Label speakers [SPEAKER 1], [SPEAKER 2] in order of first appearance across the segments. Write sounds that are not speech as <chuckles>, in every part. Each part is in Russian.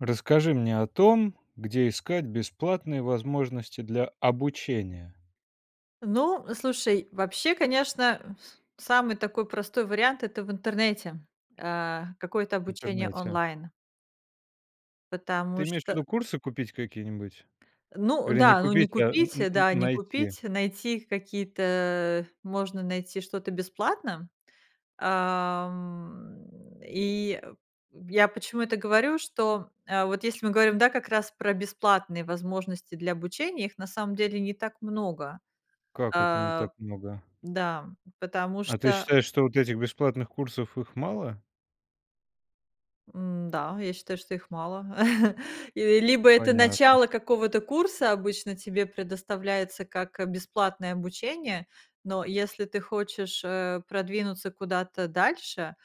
[SPEAKER 1] Расскажи мне о том, где искать бесплатные возможности для обучения.
[SPEAKER 2] Ну, слушай, вообще, конечно, с самый такой простой вариант- это в интернете, э, какое-то
[SPEAKER 1] В
[SPEAKER 2] обучение
[SPEAKER 1] интернете.
[SPEAKER 2] онлайн. Потому
[SPEAKER 1] Ты имеешь в
[SPEAKER 2] что
[SPEAKER 1] виду курсы купить какие-нибудь,
[SPEAKER 2] Ну
[SPEAKER 1] вернее не
[SPEAKER 2] да, ну, не
[SPEAKER 1] купить, а н
[SPEAKER 2] купить,
[SPEAKER 1] н н
[SPEAKER 2] да, не
[SPEAKER 1] найти?
[SPEAKER 2] купить, найти какие-то можно найти что-то бесплатно. Ам, и я почему это говорю, что, а вот если мы говорим как раз про бесплатные возможности для обучения, их на самом деле не так много,
[SPEAKER 1] Как это не
[SPEAKER 2] а,
[SPEAKER 1] так много?
[SPEAKER 2] да, м. Потому
[SPEAKER 1] А ты
[SPEAKER 2] что
[SPEAKER 1] считаешь, что вот этих бесплатных курсов, их мало?
[SPEAKER 2] М-да, я считаю, что их мало. <chuckles> И либо это
[SPEAKER 1] Понятно.
[SPEAKER 2] начало какого-то курса, обычно тебе предоставляется как бесплатное обучение, но если ты хочешь, э, продвинуться куда-то дальше,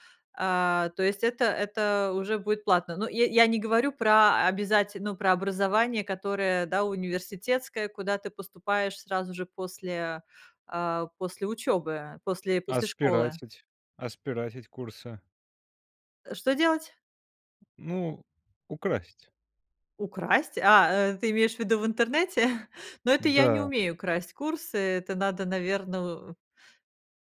[SPEAKER 2] а, то есть это это уже будет платно. Ну, я я не говорю про обязате ну, про образование, которое, да, университетское, куда ты поступаешь сразу же после, а, после учёбы, после
[SPEAKER 1] А
[SPEAKER 2] после школы.
[SPEAKER 1] спиратить а спиратить курсы?
[SPEAKER 2] Э, что делать?
[SPEAKER 1] Ну, украсть.
[SPEAKER 2] Украсть? А, э, ты имеешь в виду в интернете? <chuckles> Ну, это я не
[SPEAKER 1] Да.
[SPEAKER 2] умею красть курсы, это надо, наверно,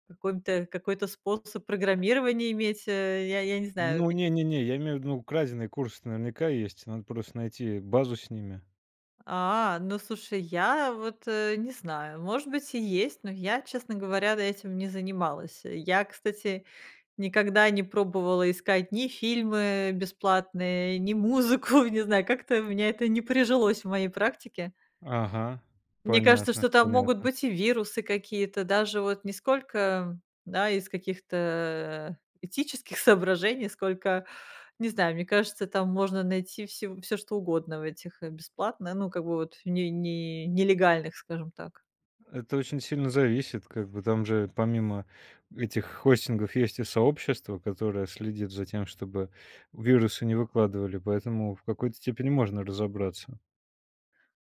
[SPEAKER 2] какой-то какой-то способ программирования иметь. Э, я я не знаю
[SPEAKER 1] Ну, не
[SPEAKER 2] какие
[SPEAKER 1] не не, я имею в виду, ну, краденые курсы наверняка есть. Надо просто найти базу с ними.
[SPEAKER 2] А, ну, слушай, я вот, э, не знаю, может быть, и есть, но я, честно говоря, д этим не занималась. Я, кстати, никогда не пробовала искать ни фильмы бесплатные, ни музыку. Не знаю, как-то у меня это не прижилось в моей практике.
[SPEAKER 1] Ага.
[SPEAKER 2] Мне кажется,
[SPEAKER 1] Понятно,
[SPEAKER 2] что там могут
[SPEAKER 1] понятно.
[SPEAKER 2] быть и вирусы какие-то, даже вот не сколько, да, из каких-то этических соображений, сколько, не знаю, мне кажется, там можно найти всё всё, что угодно в этих, э, бесплатное, ну, как бы, вот не не нелегальных, скажем так.
[SPEAKER 1] Это очень сильно зависит. Как бы там же, помимо этих хостингов, есть и сообщество, которое следит за тем, чтобы вирусы не выкладывали. Поэтому в какой-то степени можно разобраться.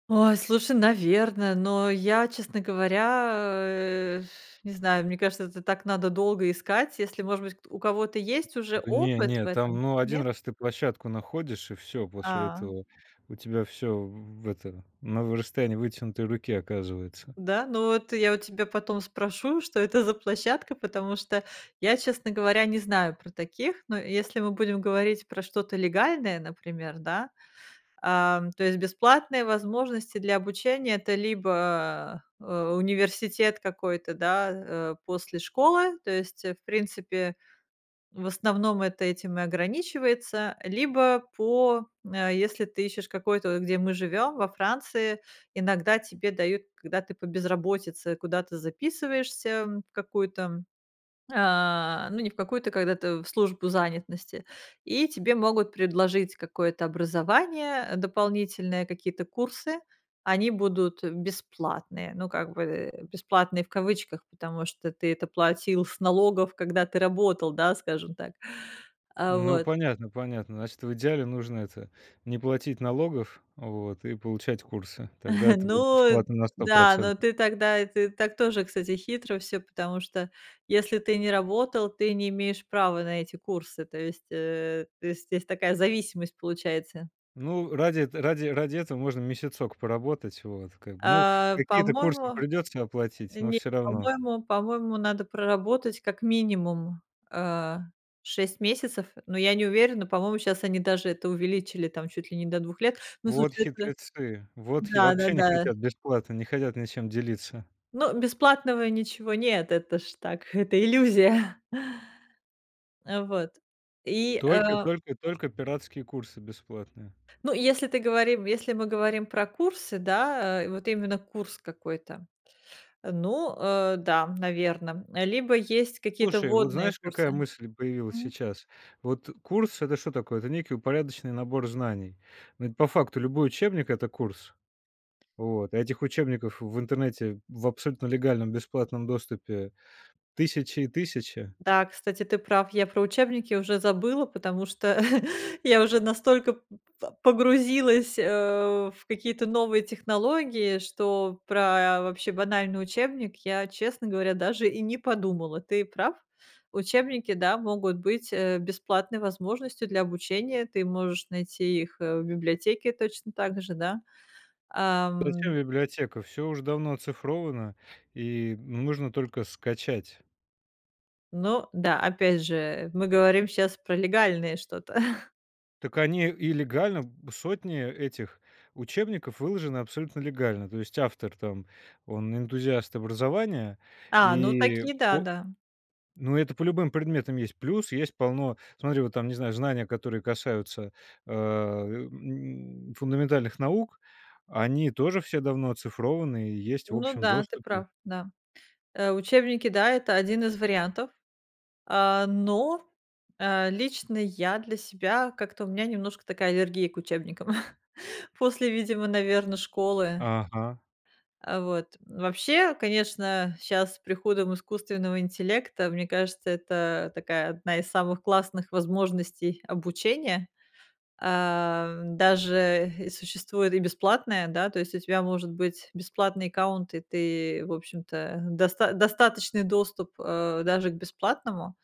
[SPEAKER 2] Ой, слушай, наверно, но я, честно говоря, э, <blows air> не знаю, мне кажется, это так надо долго искать. Если, может быть, к у кого-то есть уже
[SPEAKER 1] Да, не
[SPEAKER 2] опыт в
[SPEAKER 1] не.
[SPEAKER 2] этом,
[SPEAKER 1] Там, ну, 1
[SPEAKER 2] нет?
[SPEAKER 1] раз ты площадку находишь, и всё. После
[SPEAKER 2] А.
[SPEAKER 1] этого у тебя всё в это на расстоянии вытянутой руки оказывается.
[SPEAKER 2] Да? Ну, эт я у тебя потом спрошу, что это за площадка, потому что я, честно говоря, не знаю про таких, но если мы будем говорить про что-то легальное, например, да? Ам, то есть бесплатные возможности для обучения- это либо, э, университет какой-то, да, э, после школы, то есть, в принципе, в основном это этим и ограничивается, либо по если ты ищешь какой-то, где мы живем, во Франции, иногда тебе дают, когда ты по безработице куда-то записываешься, в какую-то, а, ну не в какую-то, когда-то в службу занятности, и тебе могут предложить какое-то образование дополнительное, какие-то курсы, они будут бесплатные, ну как бы бесплатные в кавычках, потому что ты это платил с налогов, когда ты работал, да, скажем так. А,
[SPEAKER 1] Ну,
[SPEAKER 2] вот.
[SPEAKER 1] понятно понятно, значит, в идеале нужно это не платить налогов, вот, и получать курсы, тогда
[SPEAKER 2] <chuckles>
[SPEAKER 1] это будет
[SPEAKER 2] Ну
[SPEAKER 1] бесплатно на сто
[SPEAKER 2] да, но
[SPEAKER 1] процентов.
[SPEAKER 2] ты тогда, это так тоже, кстати, хитро всё, потому что, если ты не работал, ты не имеешь права на эти курсы, то есть, э, то есть здесь такая зависимость получается.
[SPEAKER 1] Ну, ради эт ра ради этого можно месяцок поработать, вот как, ну,
[SPEAKER 2] А,
[SPEAKER 1] какие-то курсы
[SPEAKER 2] по-моему,
[SPEAKER 1] придется оплатить, но
[SPEAKER 2] нет,
[SPEAKER 1] всё равно.
[SPEAKER 2] по-моему, по-моему, надо проработать как минимум, э, 6 месяцев, но я не уверена, по-моему, щас они даже это увеличили там чуть ли не до 2 лет, но
[SPEAKER 1] Вот
[SPEAKER 2] слушай, это
[SPEAKER 1] хитрецы, вот хи вообще не
[SPEAKER 2] Да-да-да!
[SPEAKER 1] хотят бесплатно, не хотят ничем делиться.
[SPEAKER 2] Но бесплатного ничего нет! Это ж так, это иллюзия! <chuckles> Вот. И,
[SPEAKER 1] Только
[SPEAKER 2] э.
[SPEAKER 1] только только пиратские курсы бесплатные.
[SPEAKER 2] Ну и если ты говори если мы говорим про курсы, да, э, вот именно курс какой-то, ну, э, да, наверно, либо есть какие-то
[SPEAKER 1] Слушай, вот
[SPEAKER 2] вводные
[SPEAKER 1] знаешь, какая
[SPEAKER 2] курсы.
[SPEAKER 1] мысль появилась
[SPEAKER 2] Мгм.
[SPEAKER 1] сейчас? Вот курс- это что такое? Это некий упорядоченный набор знаний. Но ведь по факту, любой учебник- это курс. Вот, а этих учебников в интернете в абсолютно легальном бесплатном доступе- тысячи и тысячи.
[SPEAKER 2] Да, кстати, ты прав. Я про учебники уже забыла, потому что <chuckles> я уже настолько п по погрузилась, э, в какие-то новые технологии, что про вообще банальный учебник я, честно говоря, даже и не подумала. Ты прав. Учебники, да, могут быть, э, бесплатной возможностью для обучения. Ты можешь найти их, э, в библиотеке точно так же, да.
[SPEAKER 1] Зачем
[SPEAKER 2] Ам.
[SPEAKER 1] библиотека? Всё уже давно оцифровано, и нужно только скачать.
[SPEAKER 2] Ну да, опять же, мы говорим щас про легальное что-то. <chuckles>
[SPEAKER 1] Так, они и легально сотни этих учебников выложены абсолютно легально. То есть автор там, он- энтузиаст образования,
[SPEAKER 2] А, ну
[SPEAKER 1] и,
[SPEAKER 2] такие,
[SPEAKER 1] о
[SPEAKER 2] да-да.
[SPEAKER 1] Ну, это по любым предметам есть. Плюс есть полно, смотри, вот там, не знаю, знания, которые касаются а, м, фундаментальных наук, они тоже все давно оцифрованы и есть в
[SPEAKER 2] Ну
[SPEAKER 1] общем
[SPEAKER 2] да, ты
[SPEAKER 1] доступе.
[SPEAKER 2] прав, да. А, учебники, да, это 1 из вариантов. А, но, а, лично я для себя, как-то у меня немножко такая аллергия к учебникам, <chuckles> после, видимо, наверно, школы.
[SPEAKER 1] Ага.
[SPEAKER 2] А, вот. Вообще, конечно, щас с приходом искусственного интеллекта, мне кажется, это такая одна из самых классных возможностей обучения. А, даже и существует и бесплатное, да, то есть у тебя может быть бесплатный аккаунт, и ты, в общем-то, доста достаточный доступ, а, даже к бесплатному.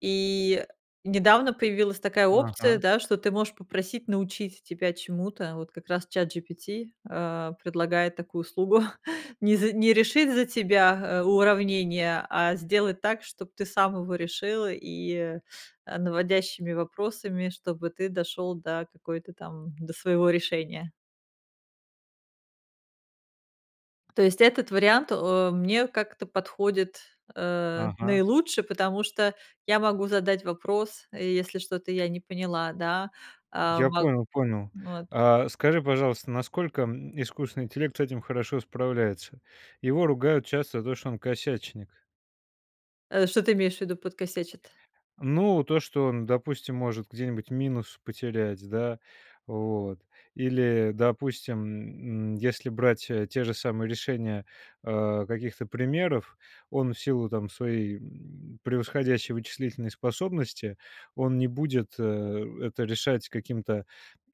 [SPEAKER 2] И, э, недавно появилась такая опция,
[SPEAKER 1] Ага.
[SPEAKER 2] да, что ты можешь попросить научить тебя чему-то, вот как раз ChatGPT, а, предлагает такую услугу: <chuckles> не за не решить за тебя, а, уравнение, а сделать так, чтоб ты сам его решил, и, а, наводящими вопросами, чтобы ты дошел до какой-то там, до своего решения. То есть этот вариант, о, мне как-то подходит, э,
[SPEAKER 1] Ага.
[SPEAKER 2] наилучше, потому что я могу задать вопрос, если что-то я не поняла. Да, а,
[SPEAKER 1] Я
[SPEAKER 2] мог
[SPEAKER 1] понял понял.
[SPEAKER 2] вот.
[SPEAKER 1] А, скажи, пожалуйста, насколько, м, искусственный интеллект с этим хорошо справляется? Его ругают часто за то, что он косячник.
[SPEAKER 2] Э, что ты имеешь в виду, подкосячит?
[SPEAKER 1] Ну, то, что он, допустим, может где-нибудь минус потерять, да. Вот, или, допустим, м, м, если брать те же самые решения, а, каких-то примеров. Он в силу там своей, м, превосходящей вычислительной способности он не будет, э, это решать каким-то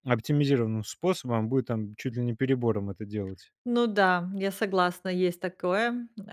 [SPEAKER 1] оптимизированным способом, а будет там чуть ли не перебором это делать.
[SPEAKER 2] Ну да, я согласна, есть такое, э,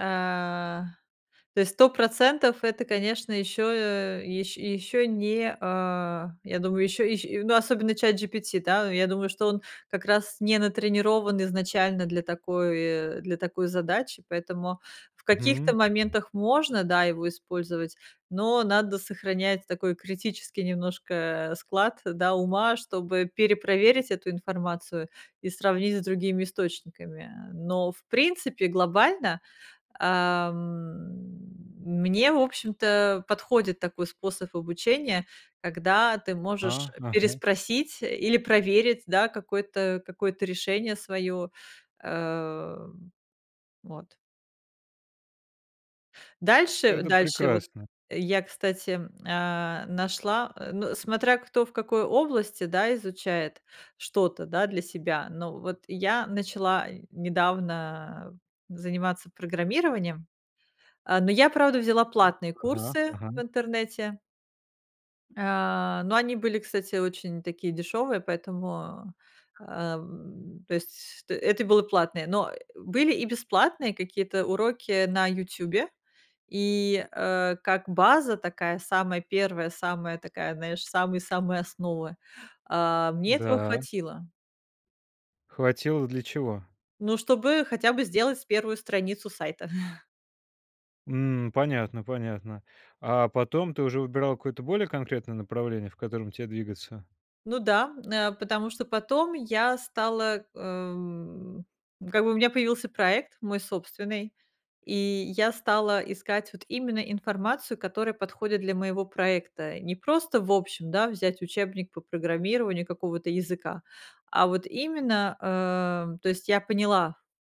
[SPEAKER 2] то есть 100 %, это, конечно. Ещё ещ ещё не, а, я думаю, ещё ещ ну, особенно ChatGPT, да, я думаю, что он как раз не натренирован изначально для такой для такой задачи. Поэтому в
[SPEAKER 1] Мгм.
[SPEAKER 2] каких-то моментах можно, да, его использовать, но надо сохранять такой критический немножко, э, склад, да, ума. Чтобы перепроверить эту информацию и сравнить с другими источниками. Но, в принципе, глобально, ам, мне, в общем-то, подходит такой способ обучения, когда ты можешь
[SPEAKER 1] А, ага.
[SPEAKER 2] переспросить или проверить, да, какое-то какое-то решение своё, э, вот. Дальше
[SPEAKER 1] Это
[SPEAKER 2] дальше вот,
[SPEAKER 1] прекрасно!
[SPEAKER 2] я, кстати, а, нашла, ну, смотря кто в какой области, да, изучает что-то, да, для себя, но вот я начала недавно заниматься программированием. А, но я, правда, взяла
[SPEAKER 1] А,
[SPEAKER 2] платные
[SPEAKER 1] ага,
[SPEAKER 2] курсы
[SPEAKER 1] ага.
[SPEAKER 2] в интернете. А, но они были, кстати, очень такие дешевые, поэтому, а, м. То есть т это было платное. Но, э, были и бесплатные какие-то уроки на "Ютьюбе", и, э, как база такая самая первая, самая такая, знаешь, самые-самые основы, а, мне этого
[SPEAKER 1] Да.
[SPEAKER 2] хватило.
[SPEAKER 1] Хватило для чего?
[SPEAKER 2] Ну, чтобы хотя бы сделать 1 страницу сайта. <chuckles>
[SPEAKER 1] М. Понятно, понятно. А потом ты уже выбирала какое-то более конкретное направление, в котором те двигаться?
[SPEAKER 2] Ну да. Н э, потому что потом я стала, ам как бы у меня появился проект мой собственный, и я стала искать вот именно информацию, которая подходит для моего проекта. Не просто, в общем, да, взять учебник по программированию какого-то языка, а вот именно, а То есть я поняла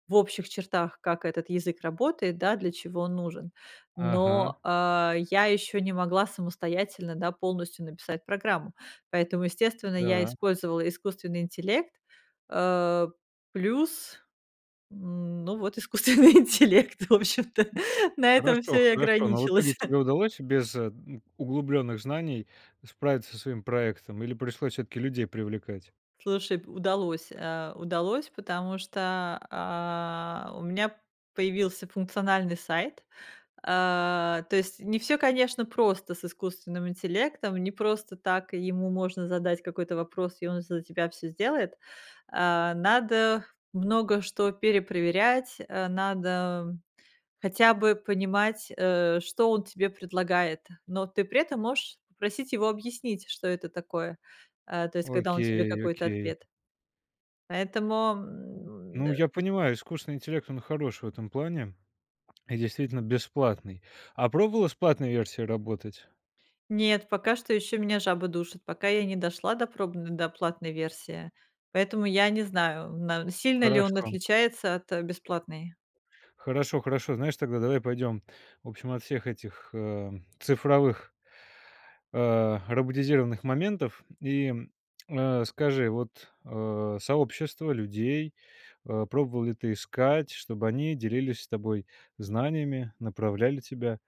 [SPEAKER 2] в общих чертах, как этот язык работает, да, для чего он нужен.
[SPEAKER 1] Ага.
[SPEAKER 2] Но, а, я ещё не могла самостоятельно, да, полностью написать программу, поэтому, естественно, я
[SPEAKER 1] Да.
[SPEAKER 2] использовала искусственный интеллект, э. Плюс, м, ну вот искусственный интеллект, в общем-то. На этом всё
[SPEAKER 1] Хорошо
[SPEAKER 2] и
[SPEAKER 1] хорошо. Но в итоге
[SPEAKER 2] ограничилось.
[SPEAKER 1] тебе удалось без, ну, углублённых знаний справиться со своим проектом или пришлось всё-таки людей привлекать?
[SPEAKER 2] Слушай, п удалось, э, удалось, потому что, а, у меня появился функциональный сайт. А, то есть не всё, конечно, просто с искусственным интеллектом, не просто так ему можно задать какой-то вопрос, и он за тебя всё сделает. А, надо много что перепроверять, э, надо хотя бы понимать, э, что он тебе предлагает, но ты при этом можешь попросить его объяснить, что это такое. А, то есть, когда он тебе
[SPEAKER 1] Окей
[SPEAKER 2] какой-то
[SPEAKER 1] окей.
[SPEAKER 2] ответ Поэтому, м,
[SPEAKER 1] Ну,
[SPEAKER 2] э
[SPEAKER 1] я понимаю, искусственный интеллект, он хорош в этом плане М. И действительно бесплатный. А пробовала с платной версией работать?
[SPEAKER 2] Нет, пока что еще меня жабы душат, пока я не дошла до пробн до платной версии, поэтому я не знаю, на сильно ли он
[SPEAKER 1] Хорошо.
[SPEAKER 2] отличается от бесплатной.
[SPEAKER 1] Хорошо хорошо. Знаешь, тогда давай пойдем, в общем, от всех этих, э, цифровых а, роботизированных моментов. И, а, скажи, вот, а, сообщество людей, а, пробовала ли ты искать, чтобы они делились с тобой знаниями, направляли тебя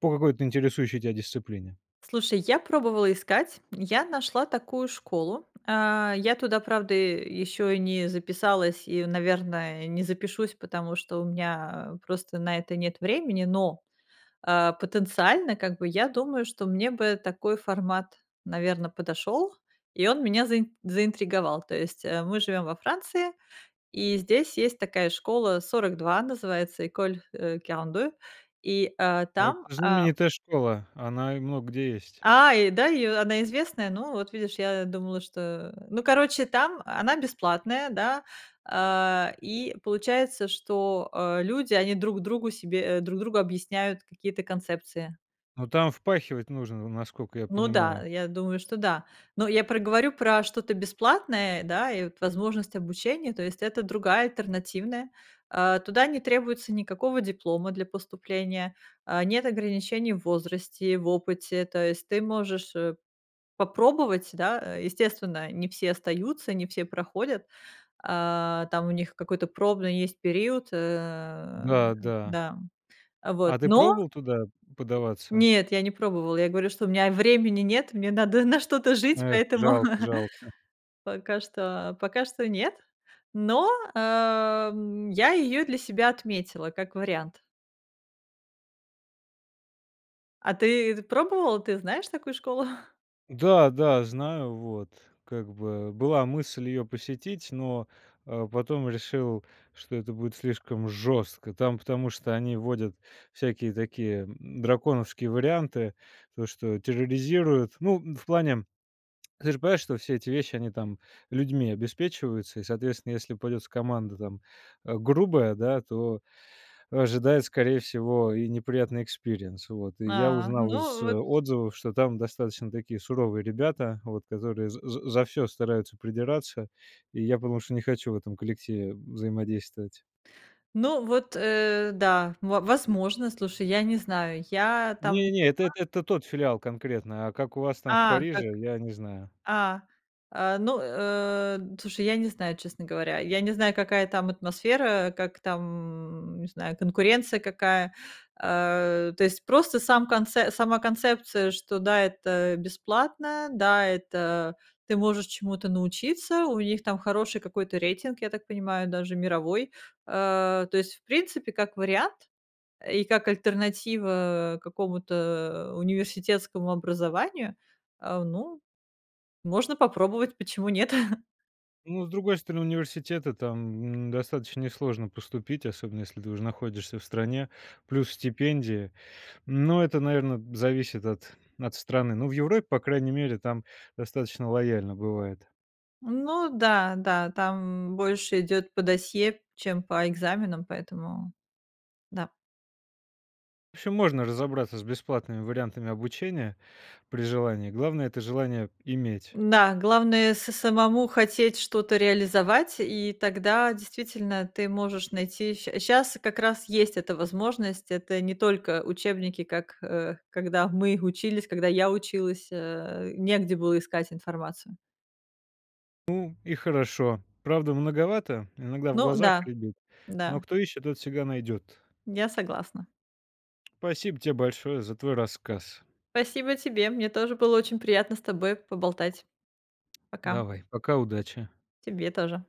[SPEAKER 1] по какой-то интересующей тя дисциплине?
[SPEAKER 2] Слушай, я пробовала искать, я нашла такую школу. А, я туда, правда, э, еще и не записалась и, наверное, не запишусь, потому что у меня, а, просто на это нет времени. Но, а, потенциально, как бы, я думаю, что мне бы такой формат, наверно, подошел, и он меня заи заинтриговал. То есть, э, мы живем во Франции, и здесь есть такая школа "42", называется école, э, quarante-deux, и, а,
[SPEAKER 1] А,
[SPEAKER 2] там,
[SPEAKER 1] это
[SPEAKER 2] а
[SPEAKER 1] знаменитая школа, она и много где есть.
[SPEAKER 2] А, и да, и она известная? Ну, вот видишь, я думала, что Ну, короче, там, она бесплатная, да, а, и получается, что, э, люди, они друг другу себе э, друг другу объясняют какие-то концепции.
[SPEAKER 1] Ну, там впахивать нужно, насколько я
[SPEAKER 2] Ну да,
[SPEAKER 1] понимаю.
[SPEAKER 2] я думаю, что да. Но я про говорю про что-то бесплатное, да, и вот возможность обучения, то есть это другая, альтернативная. А, туда не требуется никакого диплома для поступления, а, нет ограничений в возрасте и в опыте, то есть ты можешь, э, попробовать, да. Э, естественно, не все остаются, не все проходят, а, там у них какой-то пробный есть период. Э,
[SPEAKER 1] Да, да.
[SPEAKER 2] да, а вот.
[SPEAKER 1] А, ты
[SPEAKER 2] Но
[SPEAKER 1] пробовала туда подаваться?
[SPEAKER 2] Нет, я не пробовала. Я говорю, что у меня времени нет, мне надо на что-то жить,
[SPEAKER 1] Эх,
[SPEAKER 2] поэтому
[SPEAKER 1] жалко жалко!
[SPEAKER 2] <chuckles> пока что пока что нет, но, а, м, я её для себя отметила как вариант. А ты пробовала, ты знаешь такую школу?
[SPEAKER 1] Да, да, знаю, вот как бы была мысль ее посетить, но, а, потом решил, что это будет слишком жестко, там потому что они вводят всякие такие, м, драконовские варианты, то что терроризируют. Ну, в плане, ты же понимаешь, что все эти вещи, они там людьми обеспечиваются, и, соответственно, если попадётся команда там, а, грубая, да, то ожидает, скорее всего, и неприятный experience, вот. И я
[SPEAKER 2] А,
[SPEAKER 1] узнал из
[SPEAKER 2] ну, вот.
[SPEAKER 1] отзывов, что там достаточно такие суровые ребята, вот, которые за за за всё стараются придираться, и я потому что не хочу в этом коллективе взаимодействовать.
[SPEAKER 2] Ну, вот, э, да, во возможно, слушай, я не знаю, я там не
[SPEAKER 1] Не, не, это
[SPEAKER 2] была.
[SPEAKER 1] это тот филиал конкретно, а как у вас там в
[SPEAKER 2] А, так.
[SPEAKER 1] Париже, я не знаю.
[SPEAKER 2] А, а, ну, э, слушай, я не знаю, честно говоря, я не знаю, какая там атмосфера, как там, м, не знаю, конкуренция какая, а. То есть просто сам конц сама концепция, что да, это бесплатно, да, это, ты можешь чему-то научиться, у них там хороший какой-то рейтинг, я так понимаю, даже мировой. А, то есть, в принципе, как вариант и как альтернатива какому-то университетскому образованию, а, ну, можно попробовать, почему нет.
[SPEAKER 1] Ну, с другой стороны, университет- это там, м, достаточно несложно поступить, особенно если ты уже находишься в стране, плюс стипендия, но это, наверно, зависит от от страны. Ну, в Европе, по крайней мере, там достаточно лояльно бывает.
[SPEAKER 2] Ну да, да, там, м, больше идёт по досье, чем по экзаменам, поэтому да.
[SPEAKER 1] В общем, можно разобраться с бесплатными вариантами обучения при желании. Главное- это желание иметь.
[SPEAKER 2] Да, главное- самому хотеть что-то реализовать, и тогда действительно ты можешь найти, ща щас как раз есть эта возможность, это не только учебники, как, э, когда мы учились, когда я училась, э, негде было искать информацию.
[SPEAKER 1] Ну и хорошо. Правда, многовато, иногда в
[SPEAKER 2] Ну
[SPEAKER 1] глазах
[SPEAKER 2] да.
[SPEAKER 1] рябит, но
[SPEAKER 2] Да.
[SPEAKER 1] кто ищет, тот всегда найдет.
[SPEAKER 2] Я согласна.
[SPEAKER 1] Спасибо тебе большое за твой рассказ.
[SPEAKER 2] Спасибо тебе. Мне тоже было очень приятно с тобой поболтать. Пока.
[SPEAKER 1] Давай, пока, удачи.
[SPEAKER 2] Тебе тоже.